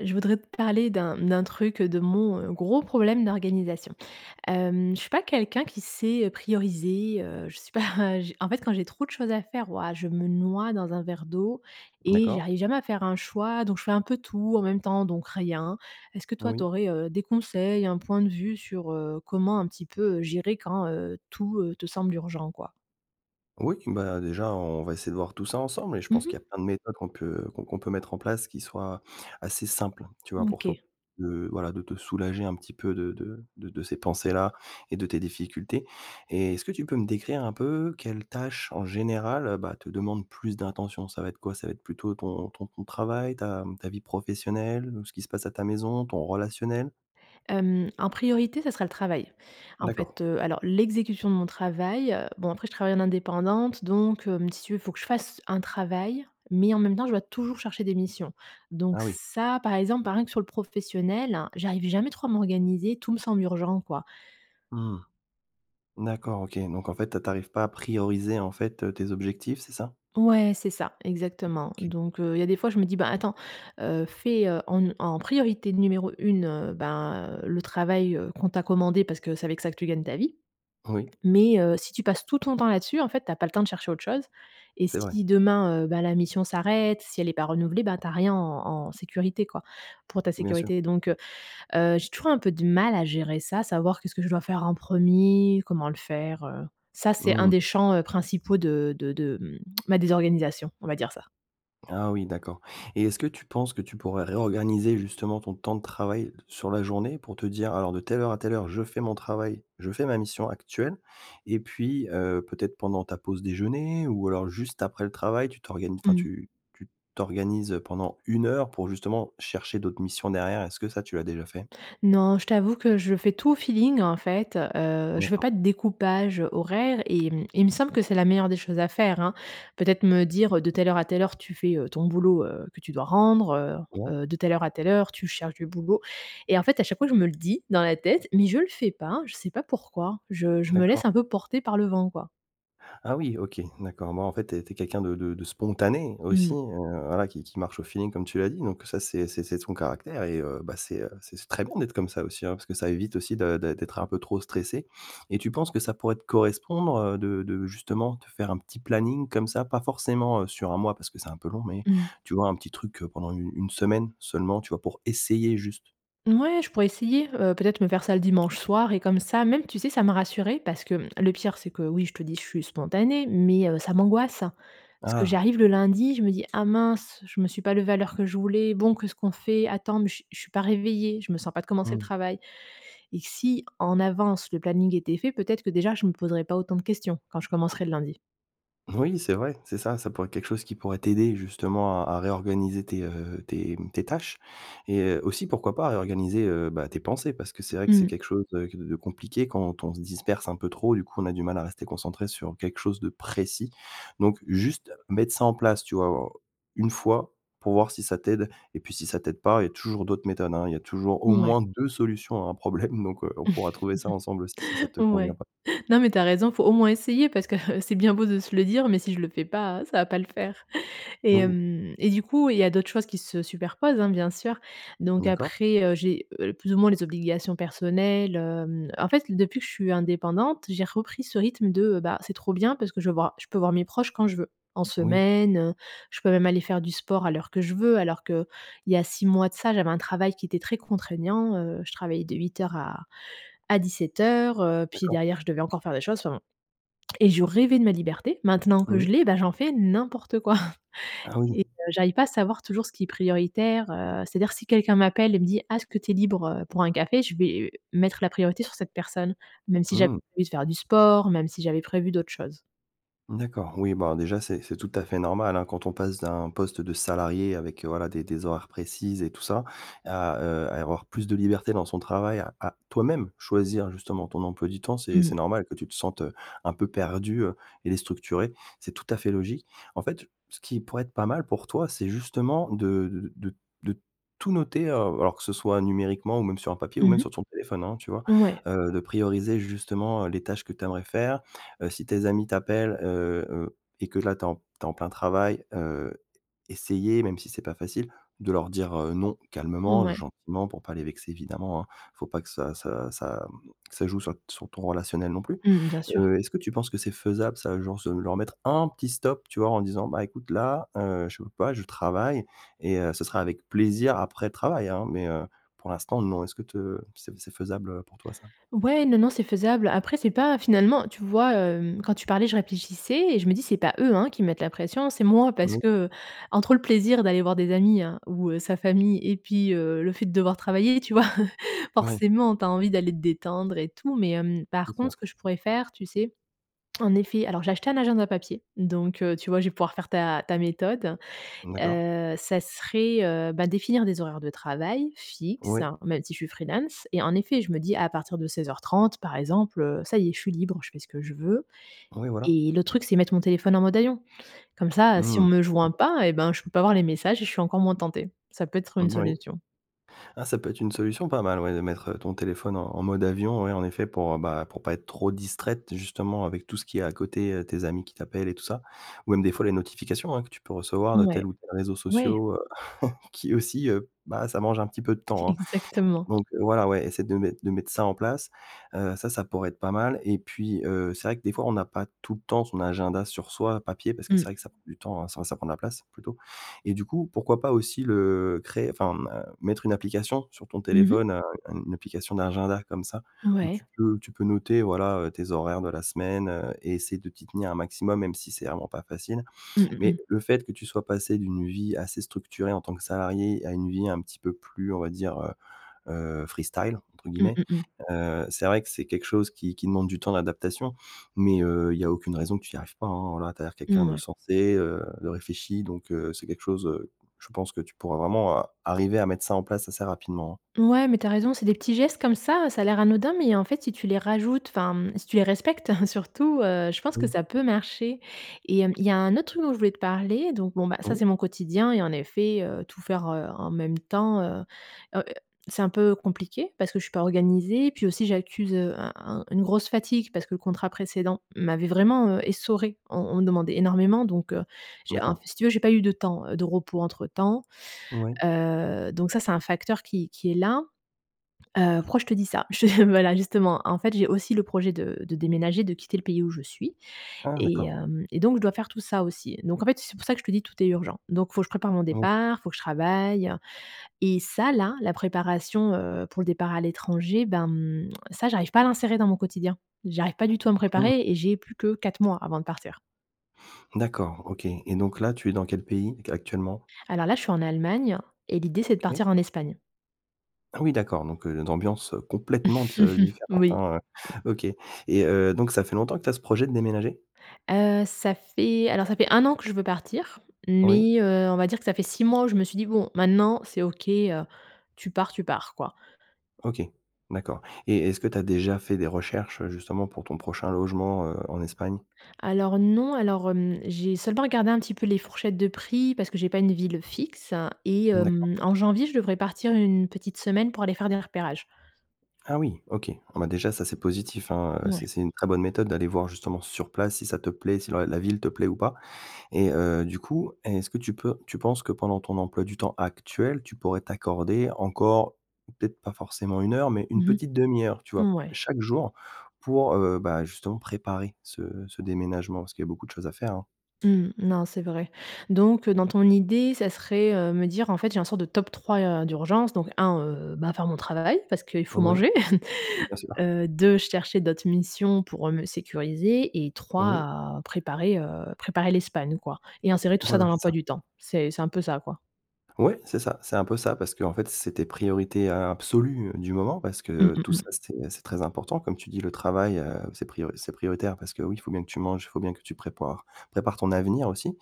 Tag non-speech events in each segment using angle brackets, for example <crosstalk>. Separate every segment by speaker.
Speaker 1: Je voudrais te parler d'un, mmh, d'un truc, heu, de mon, heu, gros problème d'organisation, hem, je suis pas quelqu'un qui sait, heu, prioriser, heu, je suis pas, j en fait quand j'ai trop de choses à faire, waouh, je me noie dans un verre d'eau et j'y
Speaker 2: D'accord.
Speaker 1: arrive jamais à faire un choix. Donc, je fais un peu tout en même temps, donc rien. Est-ce que toi, tu
Speaker 2: Oui.
Speaker 1: aurais, heu, des conseils, un point de vue sur, heu, comment un petit peu, heu, gérer quand, heu, tout, heu, te semble urgent quoi?
Speaker 2: Oui q bah, déjà on va essayer de voir tout ça ensemble et je
Speaker 1: Mmh
Speaker 2: pense
Speaker 1: mh.
Speaker 2: qu'il y a plein de méthodes qu'on peut qu'on qu'on peut mettre en place qui soient assez simples, tu vois?
Speaker 1: Mmh
Speaker 2: Pour to
Speaker 1: OK.
Speaker 2: heu, voilà de te soulager un petit peu de de de de ces pensées-là et de tes difficultés et est-ce que tu peux me décrire un peu quelles tâches, en général, heu, bah, te demande plus d'intention? Ça va être quoi, ça va être plutôt ton ton temps de travail, ta mmh, ta vie professionnelle, ou ce qui se passe à ta maison, ton relationnel?
Speaker 1: Hem, en priorité, ça sera le travail. En fait,
Speaker 2: D'accord.
Speaker 1: heu, alors l'exécution de mon travail, heu, bon après je travaille en indépendante, donc, hem, si tu veux, il faut que je fasse un travail, mais en même temps, je dois toujours chercher des missions. Donc
Speaker 2: Ah oui.
Speaker 1: ça, par exemple, bah, rien que sur le professionnel, j'arrive jamais trop à m'organiser. Tout me semble urgent quoi.
Speaker 2: Mmh. D'accord OK, donc en fait tu a tu arrives pas à prioriser en fait, heu, tes objectifs, c'est ça?
Speaker 1: Ouais, c'est ça,
Speaker 2: Mmh,
Speaker 1: exactement.
Speaker 2: OK.
Speaker 1: Donc heu, il y a des fois je me dis: «Ben attends, heu, fais, heu, en n en priorité numéro 1 ben heu, le travail, heu, qu'on t'a commandé, parce que c'est avec ça que tu gagnes ta vie.
Speaker 2: Oui.
Speaker 1: Mais, heu, si tu passes tout ton temps là-dessus, en fait, tu as pas le temps de chercher autre chose et
Speaker 2: C'est vrai.
Speaker 1: si demain, heu, ben, la mission s'arrête, si elle est pas renouvelée, bah, tu as rien en en sécurité quoi, pour ta
Speaker 2: Bien sûr.
Speaker 1: sécurité». Donc heu, heu, j'ai toujours un peu de mal à gérer ça, savoir qu'est-ce que je dois faire en 1er, comment le faire, heu, ça, c'est
Speaker 2: Mmh
Speaker 1: un des
Speaker 2: mh.
Speaker 1: champs, heu, principaux de de de mmh, ma désorganisation, on va dire ça.
Speaker 2: Ah oui d'accord et est-ce que tu penses que tu pourrais réorganiser justement ton temps de travail d sur la journée pour te dire: «Alors de telle heure à telle heure je fais mon travail, je fais ma mission actuelle» et puis, heu, peut-être pendant ta pause déjeuner ou alors juste après le travail tu t'organi enfin
Speaker 1: Mmh.
Speaker 2: tu tu t t'organises, heu, pendant 1 heure pour justement chercher d'autres missions derrière. Est-ce que ça tu l'as déjà fait?
Speaker 1: Non, je t'avoue que je fais tout au feeling en fait, heu, je veux pas
Speaker 2: D'accord.
Speaker 1: de découpage horaire et mmh, il me semble que c'est la meilleure des choses à faire, hein. Peut-être me dire, heu,: «De telle heure à telle heure, tu fais, heu, ton boulot, heu, que tu dois rendre,
Speaker 2: Ouais.
Speaker 1: heu, heu, de telle heure à telle heure, tu cherches du boulot» et en fait à chaque fois je me le dis, dans la tête, mais je le fais pas, je sais pas pourquoi, je je me laisse
Speaker 2: D'accord.
Speaker 1: un peu porter par le vent quoi.
Speaker 2: Ah, oui OK, mmh d'accord, bon en fait tu es tu es quelqu'un de de de spontané
Speaker 1: Mmh
Speaker 2: aussi,
Speaker 1: mh.
Speaker 2: heu, voilà qui qui marche au feeling comme tu l'as dit. Donc ça c'est c'est c'est ton caractère et heu, bah, c'est, heu, c'est c très bon d'être comme ça aussi, hein. Parce que ça évite aussi de d'être d'être un peu trop stressée et tu penses que ça pourrait te correspondre, heu, de de justement te faire un petit planning comme ça, pas forcément, heu, sur 1 mois parce que c'est un peu long, mais
Speaker 1: Mmh.
Speaker 2: tu vois un petit truc heu, pendant u une semaine seulement tu vois? Pour essayer, juste?
Speaker 1: Mouais, je pourrais essayer, heu peut-être, me faire ça le dimanche soir et comme ça même tu sais ça me rassurerait parce que, mmh, le pire c'est que, oui je te dis, je suis spontanée, mais heu, ça m'angoisse. Parce
Speaker 2: Ah,
Speaker 1: que
Speaker 2: d'accord.
Speaker 1: j'arrive le lundi, je me dis: «Ah mince, je me suis pas levée à l'heure que je voulais, bon, qu'est-ce qu'on fait? Attends, mais je je suis pas réveillée, je me sens pas de commencer le
Speaker 2: Mmh.
Speaker 1: travail». Et si en avance, le planning était fait, peut-être que déjà, je me poserais pas autant de questions, quand je
Speaker 2: Mmh.
Speaker 1: commencerai le lundi.
Speaker 2: Oui, c'est vrai, c'est ça, ça pourrait être quelque chose qui pourrait t'aider justement à à réorganiser tes, heu, tes, mmh, tes tâches. Et heu, aussi, pourquoi pas réorganiser heu, bah, tes pensées parce que c'est vrai que c'est
Speaker 1: Mmh.
Speaker 2: quelque chose, heu, qu de compliqué quand on se disperse un peu trop et du coup, on a du mal à rester concentré sur quelque chose de précis. Donc juste mettre ça en place, tu vois, une fois, pour voir si ça t'aide et puis si ça t'aide pas, il y a toujours d'autres méthodes, hein, il y a toujours au
Speaker 1: Ouais.
Speaker 2: moins 2 solutions à un problème, donc, heu, on pourra trouver ça ensemble aussi, si ça
Speaker 1: <laughs>
Speaker 2: te convient
Speaker 1: Ouais.
Speaker 2: pas.
Speaker 1: Non, mais tu as raison, il faut au moins essayer parce que, heu, c'est bien beau de se le dire, mais si je le fais pas, ça va pas le faire. Et
Speaker 2: Oui.
Speaker 1: hem, et du coup, il y a d'autres choses qui se superposent, hein, bien sûr. Donc
Speaker 2: D'accord.
Speaker 1: après, heu, j'ai, heu, plus ou moins les obligations personnelles. Hem, en fait, depuis que je suis indépendante, j'ai repris ce rythme de, bah, c'est trop bien, parce que je voir, je peux voir mes proches quand je veux. En
Speaker 2: Oui.
Speaker 1: semaine, je peux même aller faire du sport à l'heure que je veux, alors qu'il y a 6 mois de ça, j'avais un travail qui était très contraignant. Heu, je travaillais de 08:00 à à 17:00, heu, puis
Speaker 2: D'accord.
Speaker 1: derrière je devais encore faire des choses, enfin, bon. Et je rêvais de ma liberté. Maintenant que je
Speaker 2: Mmh.
Speaker 1: l'ai, bah, j'en fais n'importe quoi. <chuckles>
Speaker 2: Ah
Speaker 1: Et
Speaker 2: oui.
Speaker 1: heu, j'arrive pas à savoir toujours ce qui est prioritaire, heu, c'est-à-dire si quelqu'un m'appelle et me dit: «Ah, est-ce que tu es libre, heu, pour un café?» Je vais mettre la priorité sur cette personne, même si j'avais
Speaker 2: Mmh.
Speaker 1: envie de faire du sport, même si j'avais prévu d'autres choses.
Speaker 2: D'accord. Oui, bah déjà, c'est c'est tout à fait normal, hein, quand on passe d'un poste de salarié avec, voilà, des des horaires précises et tout ça, à, heu, à avoir plus de liberté dans son travail à, toi-même choisir, justement, ton emploi du temps, c'est
Speaker 1: Mmh.
Speaker 2: c'est normal que tu te sentes, heu, un peu perdue, heu, et déstructurée, c'est tout à fait logique. En fait, ce qui pourrait être pas mal pour toi, c'est justement de de de de tout noter, heu- alors que ce soit numériquement ou même sur un papier ou
Speaker 1: Mmh
Speaker 2: même
Speaker 1: mh.
Speaker 2: sur ton téléphone, hein, tu vois?
Speaker 1: Ouais.
Speaker 2: Heu, de prioriser justement les tâches que tu aimerais faire. Heu, si tes amis t'appellent, heu heu, et que là tu es en tu es en plein travail, heu essayer -même si c'est pas facile- de leur dire, heu, non, calmement,
Speaker 1: Mouais.
Speaker 2: gentiment pour pas les vexer, évidemment, hein. Il faut pas que ça ça ça, mmh, ça joue sur sur ton relationnel, non plus.
Speaker 1: Mmh, bien sûr.
Speaker 2: Heu, est-ce que tu penses que c'est faisable ça, genre se leur mettre un petit stop, tu vois? En disant: «Bah, écoute là, heu, je peux pas, je travaille, et heu, ce sera avec plaisir après travail hein, mais heu, pour l'instant, non», est-ce que te c'est f c'est faisable, heu, pour toi, ça?
Speaker 1: Ouais, non, non, c'est faisable. Après c'est pas finalement, tu vois, hem, quand tu parlais, je réfléchissais et je me dis c'est pas eux, hein, qui me mettent la pression, c'est moi parce
Speaker 2: Mmh.
Speaker 1: que, heu, entre le plaisir d'aller voir des amis, hein, ou, heu, sa famille et puis heu le fait de devoir travailler, tu vois? <chuckles>
Speaker 2: Ouais.
Speaker 1: Forcément, tu as envie d'aller te détendre et tout, mais hem,
Speaker 2: C'est
Speaker 1: par contre
Speaker 2: sûr.
Speaker 1: ce que je pourrais faire, tu sais, en effet, alors j'ai acheté un agenda papier, donc, heu, tu vois, je vais pouvoir faire ta ta méthode.
Speaker 2: D'accord.
Speaker 1: Heu ça serait, heu bah, définir des horaires de travail fixes
Speaker 2: Oui.
Speaker 1: même si je suis freelance et en effet je me dis à partir de 16:30 par exemple, heu, ça y est, je suis libre, je fais ce que je veux,
Speaker 2: Oui, voilà.
Speaker 1: et l'autre truc c'est mettre mon téléphone en mode avion. Comme ça si on
Speaker 2: Mmh.
Speaker 1: me joint pas, eh ben, je peux pas voir les messages et je suis encore moins tentée. Ça peut être une
Speaker 2: Mmh, oui.
Speaker 1: solution.
Speaker 2: Ah, ça peut être une solution pas mal, ouais de mettre, heu, ton téléphone en en mode avion, ouais en effet pour, bah, pour pas être trop distraite, justement, avec tout ce qu'il y a à côté, heu, tes amis qui t'appellent et tout ça. Ou même des fois les notifications hein, que tu peux recevoir de tel
Speaker 1: Mouais.
Speaker 2: ou tel réseau
Speaker 1: Ouais!
Speaker 2: sociaux, heu, <chuckles> qui aussi, heu bah, ça mange un petit peu de temps, hein.
Speaker 1: Exactement.
Speaker 2: Donc voilà, ouais, essaie de mettre de mettre ça en place, heu ça, ça pourrait être pas mal et puis heu, c'est vrai que des fois on n'a pas tout le temps son agenda sur soi papier, parce que c'est
Speaker 1: Mmh.
Speaker 2: vrai que ça prend du temps, hein, ça ça prend de la place, plutôt. Et du coup, pourquoi pas aussi le créer, enfin, mmh heu, mettre une application sur ton
Speaker 1: Mmh mh.
Speaker 2: téléphone un une application d'agenda comme ça, où
Speaker 1: Ouais.
Speaker 2: tu peux tu peux noter voilà, heu, tes horaires de la semaine, heu, et essayer de t'y tenir un maximum, même si c'est vraiment pas facile.
Speaker 1: Mmh mh,
Speaker 2: Mais
Speaker 1: mmh.
Speaker 2: le fait que tu sois passée d'une vie assez structurée en tant que salariée à une vie un petit peu plus on va dire, heu heu «freestyle», entre
Speaker 1: Mmh
Speaker 2: guillemets,
Speaker 1: mh, mmh.
Speaker 2: heu, c'est vrai que c'est quelque chose qui qui demande du temps d'adaptation. Mais heu, il y a aucune raison que tu y arrives pas, hein. Voilà, tu as l'air quelqu'un de
Speaker 1: Mouais.
Speaker 2: sensé, heu, de réfléchi, donc, heu, c'est quelque chose, heu, je pense que tu pourras vraiment a arriver à mettre ça en place assez rapidement.
Speaker 1: Ouais, mais tu as raison, c'est des petits gestes comme ça. Ça a l'air anodin, mais en fait, si tu les rajoutes, enfin, mmh, si tu les respectes <chuckles> surtout, heu, je pense que
Speaker 2: Oui.
Speaker 1: ça peut marcher. Et hem, il y a un autre truc dont je voulais te parler, donc bon bah,
Speaker 2: Ah
Speaker 1: ça,
Speaker 2: bon?
Speaker 1: c'est mon quotidien et en effet, heu, tout faire, heu, en même temps heu heu c'est un peu compliqué parce que je suis pas organisée. Puis aussi, j'accuse, heu, un un une grosse fatigue parce que le contrat précédent m'avait vraiment, heu, essorée. On on me demandait énormément donc, heu, j'ai un, f
Speaker 2: D'accord.
Speaker 1: si tu veux, j'ai pas eu de temps, heu, de repos entre temps.
Speaker 2: Ouais.
Speaker 1: Heu, donc ça c'est un facteur qui qui est là. Heu, pourquoi je te dis ça? Je <chuckles> voilà justement, en fait j'ai aussi le projet de de déménager, de quitter le pays où je suis
Speaker 2: Ah,
Speaker 1: et
Speaker 2: d'accord.
Speaker 1: hem, et donc, je dois faire tout ça aussi. Donc en fait, c'est pour ça que je te dis, tout est urgent. Donc il faut que je prépare mon
Speaker 2: Mmh.
Speaker 1: départ, il faut que je travaille et ça, là, la préparation, heu, pour le départ à l'étranger, ben mmh, ça, j'arrive pas à l'insérer dans mon quotidien. J'arrive pas du tout à me
Speaker 2: Mmh.
Speaker 1: préparer et j'ai plus que 4 mois avant de partir.
Speaker 2: D'accord, OK et donc là tu es dans quel pays, ac actuellement?
Speaker 1: Alors là, je suis en Allemagne et l'idée c'est de
Speaker 2: OK.
Speaker 1: partir en Espagne.
Speaker 2: Ah oui, d'accord, donc une ambiance complètement te
Speaker 1: <chuckles>
Speaker 2: différente,
Speaker 1: Oui.
Speaker 2: hein. OK et heu, donc ça fait longtemps que tu as ce projet de déménager?
Speaker 1: Heu, ça fait, alors ça fait 1 an que je veux partir,
Speaker 2: Oui.
Speaker 1: mais, heu, on va dire que ça fait 6 mois où je me suis dit: «Bon maintenant, c'est OK, heu, tu pars, tu pars», quoi.
Speaker 2: OK. D'accord et est-ce que tu as déjà fait des recherches, justement, pour ton prochain logement, heu, en Espagne?
Speaker 1: Alors non, alors, hem, j'ai seulement regardé un petit peu les fourchettes de prix, parce que j'ai pas une ville fixe et
Speaker 2: Mmh, d'accord.
Speaker 1: hem, en janvier, je devrais partir 1 petite semaine pour aller faire des repérages.
Speaker 2: Ah, oui, OK. Bon bah, déjà ça c'est positif, hein, heu, c'est
Speaker 1: Mouais.
Speaker 2: c'est une très bonne méthode d'aller voir, justement sur place si ça te plaît, si la la ville te plaît ou pas et heu, du coup est-ce que tu peux tu penses que pendant ton emploi du temps actuel, tu pourrais t'accorder encore, peut-être pas forcément 1 heure, mais une
Speaker 1: Mmh
Speaker 2: petite demi-heure, tu
Speaker 1: mh,
Speaker 2: vois?
Speaker 1: mouais.
Speaker 2: Chaque jour pour, heu, bah, justement, heu, bah, préparer ce ce déménagement? Parce qu'il y a beaucoup de choses à faire, hein.
Speaker 1: Mmh non, c'est vrai. Donc heu, dans ton idée, ça serait, heu, me dire: «En fait, j'ai un sorte de top 3, heu, d'urgence, donc 1, heu, bah, faire mon travail, parce qu'il faut
Speaker 2: Oui.
Speaker 1: manger,
Speaker 2: Bien
Speaker 1: <chuckles>
Speaker 2: sûr.
Speaker 1: heu, 2 chercher d'autres missions pour, heu, me sécuriser et
Speaker 2: Oui.
Speaker 1: 3 préparer, heu, préparer, l'Espagne», quoi et insérer tout ça
Speaker 2: Voilà
Speaker 1: dans
Speaker 2: c'est
Speaker 1: l'emploi
Speaker 2: ça.
Speaker 1: du temps. C'est c'est un peu ça quoi?
Speaker 2: Ouais, c'est ça, c'est un peu ça, parce qu'en fait, c'est tes priorités a absolues, heu, du moment parce
Speaker 1: Mmh
Speaker 2: que
Speaker 1: mmh
Speaker 2: tout ça,
Speaker 1: mh.
Speaker 2: c'est c'est très important comme tu dis. Le travail, heu, c'est prio c'est prioritaire parce que, oui, il faut bien que tu manges, il faut bien que tu prépares- prépares ton avenir aussi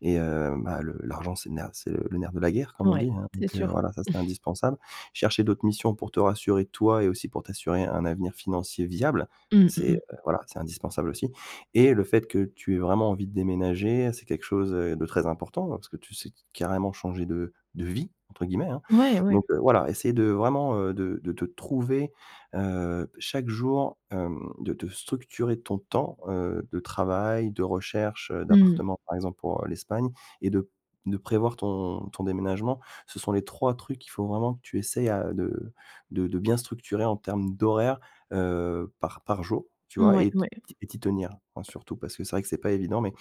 Speaker 2: et heu bah le l'argent, c'est le nerf c'est le nerf de la guerre, comme on
Speaker 1: Mouais,
Speaker 2: dit, hein.
Speaker 1: c'est
Speaker 2: Donc heu,
Speaker 1: sûr.
Speaker 2: voilà, ça, c'est
Speaker 1: <chuckles>
Speaker 2: indispensable. Chercher d'autres missions pour te rassurer toi et aussi pour t'assurer un avenir financier viable.
Speaker 1: Mmh, mmh
Speaker 2: C'est,
Speaker 1: mh.
Speaker 2: heu, voilà c'est indispensable aussi et le fait que tu aies vraiment envie de déménager, c'est quelque chose, heu, de très important, bah, parce que tu sais t carrément «changer de de vie» entre guillemets, hein.
Speaker 1: Mouais,
Speaker 2: Donc
Speaker 1: ouais.
Speaker 2: heu, voilà, essayer de vraiment, heu, de de te trouver, heu, chaque jour, hem, de te structurer ton temps, heu, de travail, de recherche, heu,
Speaker 1: Mmh.
Speaker 2: d'appartements, par exemple, pour, heu, l'Espagne et de de prévoir ton ton déménagement. Ce sont les 3 trucs qu'il faut vraiment que tu essaies, ah de de de bien structurer en termes d'horaires heu, par par jour. Tu vois?
Speaker 1: Mouais,
Speaker 2: Et t
Speaker 1: ouais.
Speaker 2: t'y et t'y tenir. Enfin, surtout parce que c'est vrai que c'est pas évident, mais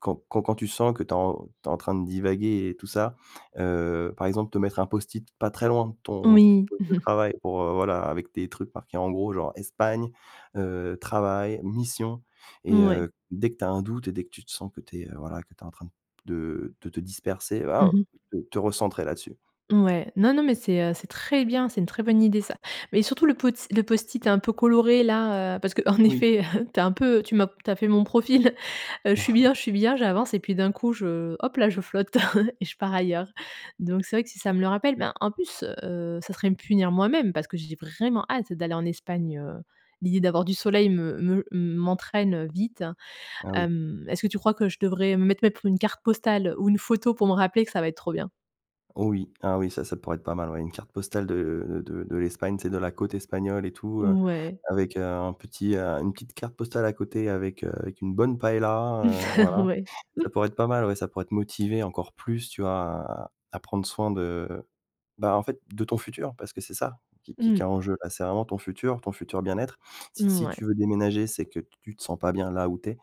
Speaker 2: quand quand quand tu sens que tu es en tu es en train de divaguer et tout ça, heu, par exemple, te mettre un post-it pas très loin de ton
Speaker 1: Oui.
Speaker 2: poste de ton
Speaker 1: <chuckles>
Speaker 2: travail pour, heu, voilà avec tes trucs marqués en gros genre, Espagne, heu, travail, mission et
Speaker 1: Mouais.
Speaker 2: heu, dès que tu as un doute et dès que tu te sens que tu es, heu, voilà, que tu es en train de de te disperser,
Speaker 1: Mmh
Speaker 2: waouh,
Speaker 1: mh.
Speaker 2: te te recentrer là-dessus.
Speaker 1: Mouais. Non, non mais c'est, heu, c'est très bien. C'est une très bonne idée ça. Mais surtout le pots le post-it hein, un peu coloré là, heu, parce qu'en
Speaker 2: Oui.
Speaker 1: effet, <chuckles> tu es un peu tu m'as tu as fait mon profil, heu, je suis
Speaker 2: <chuckles>
Speaker 1: bien, je suis bien, j'avance et puis d'un coup je hop là, je flotte <chuckles> et je pars ailleurs. Donc c'est vrai que si ça me le rappelle ben, en plus, heu, ça serait me punir moi-même parce que j'ai vraiment hâte d'aller en Espagne, heu, l'idée d'avoir du soleil me me m'entraîne, heu, vite,
Speaker 2: Ah oui.
Speaker 1: hem, est-ce que tu crois que je devrais, mettre mettre une carte postale ou une photo pour me rappeler que ça va être trop bien?
Speaker 2: Oh oui. Ah oui ça, ça pourrait être pas mal ouais, une carte postale de de de l'Espagne, tu sais, de la côte espagnole et tout heu,
Speaker 1: Ouais.
Speaker 2: avec, heu, un petit, heu, une petite carte postale à côté avec, heu, avec une bonne paella, heu,
Speaker 1: <chuckles>
Speaker 2: voilà.
Speaker 1: Ouais.
Speaker 2: Ça
Speaker 1: <chuckles>
Speaker 2: pourrait être pas mal, ouais. Ça pourrait te motiver encore plus, tu vois, à à prendre soin de bah, en fait, de ton futur, parce que c'est ça qui qui qui
Speaker 1: Mmh.
Speaker 2: est en jeu. Là c'est vraiment ton futur, ton futur bien-être. Si si
Speaker 1: Mouais.
Speaker 2: tu veux déménager, c'est que tu te sens pas bien là où tu es,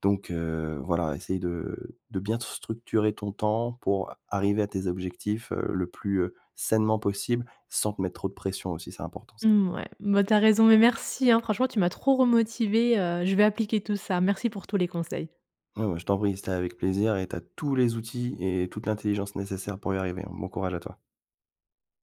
Speaker 2: donc, heu, voilà, essayes de de bien structurer ton temps, pour arriver à tes objectifs, heu, le plus, heu, sainement possible, sans te mettre trop de pression aussi, c'est important ça.
Speaker 1: Mouais. Mouais tu as raison, mais merci, hein. Franchement, tu m'as trop remotivée, heu, je vais appliquer tout ça. Merci pour tous les conseils.
Speaker 2: Ouais, bah, je t'en prie, c'était avec plaisir et tu as tous les outils et toute l'intelligence nécessaire pour y arriver. Bon courage à toi.